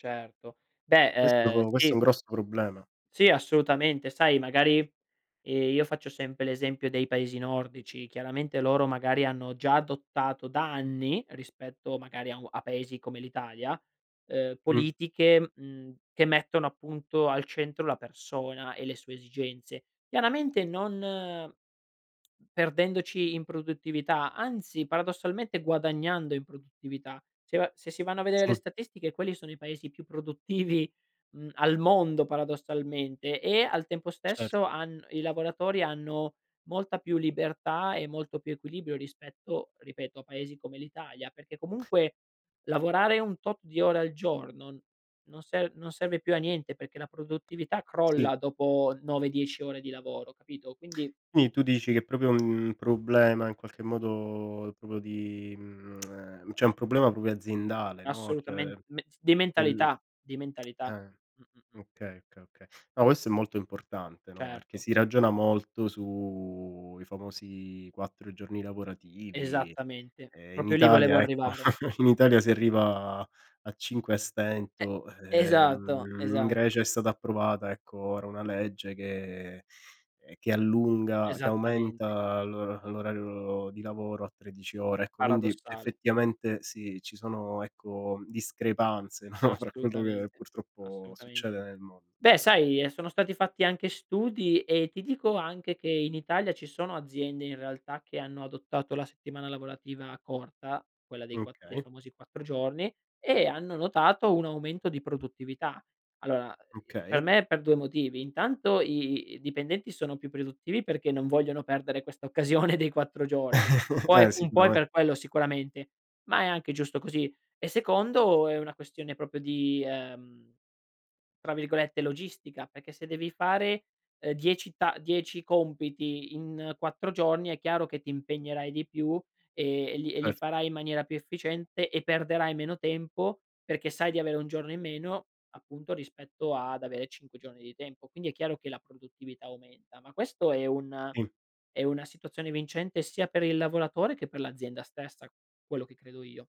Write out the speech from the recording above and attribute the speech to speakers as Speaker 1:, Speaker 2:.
Speaker 1: Certo. Beh, ehm,
Speaker 2: Questo questo è
Speaker 1: sì.
Speaker 2: un grosso problema.
Speaker 1: Sì assolutamente. Sai magari, ehm, io faccio sempre l'esempio dei paesi nordici: chiaramente loro magari hanno già adottato da anni, rispetto magari a u a paesi come l'Italia, ehm,
Speaker 2: Mh.
Speaker 1: politiche, mhmm, che mettono appunto al centro la persona e le sue esigenze. Chiaramente non perdendoci in produttività, anzi paradossalmente guadagnando in produttività. Se va se si vanno a vedere le
Speaker 2: Sì.
Speaker 1: statistiche quelli sono i paesi più produttivi, mhmm, al mondo paradossalmente e al tempo
Speaker 2: Cert
Speaker 1: stesso han i lavoratori hanno molta più libertà e molto più equilibrio rispetto, ripeto, a paesi come l'Italia. Perché comunque lavorare un tot di ore al giorno non serv non serve più a niente perché la produttività
Speaker 2: Sì.
Speaker 1: crolla dopo 9, 10 ore di lavoro, capito; quindi
Speaker 2: Quindi tu dici che proprio, mhmm, un problema in qualche modo proprio di mhmm, ehm, c'è un problema proprio aziendale, no. Cioè,
Speaker 1: Assolutamen me di
Speaker 2: nel
Speaker 1: mentalità, di mentalità.
Speaker 2: ehm,
Speaker 1: Mh-mh-mh.
Speaker 2: okay, okay, okay. No, questo è molto importante, no, perché
Speaker 1: Certo.
Speaker 2: si ragiona molto su i famosi 4 giorni lavorativi.
Speaker 1: Esattamente.
Speaker 2: Ehm, in
Speaker 1: Proprio lì volevo
Speaker 2: Italia ecco,
Speaker 1: arrivare.
Speaker 2: in
Speaker 1: E
Speaker 2: Italia si arriva a 5 a stento.
Speaker 1: E
Speaker 2: Ehm,
Speaker 1: esatto
Speaker 2: in
Speaker 1: esatto.
Speaker 2: Grecia è stata approvata ecco ora una legge che ehm, che allunga che
Speaker 1: Esattamente.
Speaker 2: aumenta l'or l'orario di lavoro a 13 ore, ecco quindi
Speaker 1: Paradossale.
Speaker 2: effettivamente sì, ci sono ecco discrepanze no, fra quello che
Speaker 1: Assolutamente,
Speaker 2: purtroppo
Speaker 1: assolutamente.
Speaker 2: succede nel mon
Speaker 1: Beh sai, ehm, sono stati fatti anche studi e ti dico anche che in Italia ci sono aziende in realtà che hanno adottato la settimana lavorativa corta, quella dei
Speaker 2: Mh,
Speaker 1: quatt dei
Speaker 2: okay.
Speaker 1: famosi 4 giorni, e hanno notato un aumento di produttività. Allora, ehm, per
Speaker 2: Okay.
Speaker 1: me per 2 motivi: intanto i i i dipendenti sono più produttivi perché non vogliono perdere questa occasione dei 4 giorni. Un po' è
Speaker 2: Eh
Speaker 1: un po' è
Speaker 2: sicurame
Speaker 1: per quello sicuramente, ma è anche giusto così. E secondo è una questione proprio di, ehm, tra virgolette "logistica", perché se devi fare, ehm, 10 ta 10 compiti in 4 giorni è chiaro che ti impegnerai di più e e li e li
Speaker 2: Cert
Speaker 1: farai in maniera più efficiente e perderai meno tempo perché sai di avere 1 giorno in meno appunto rispetto ad avere 5 giorni di tempo. Quindi è chiaro che la produttività aumenta, ma questo è un
Speaker 2: In
Speaker 1: è una situazione vincente sia per il lavoratore che per l'azienda stessa, quello che credo io.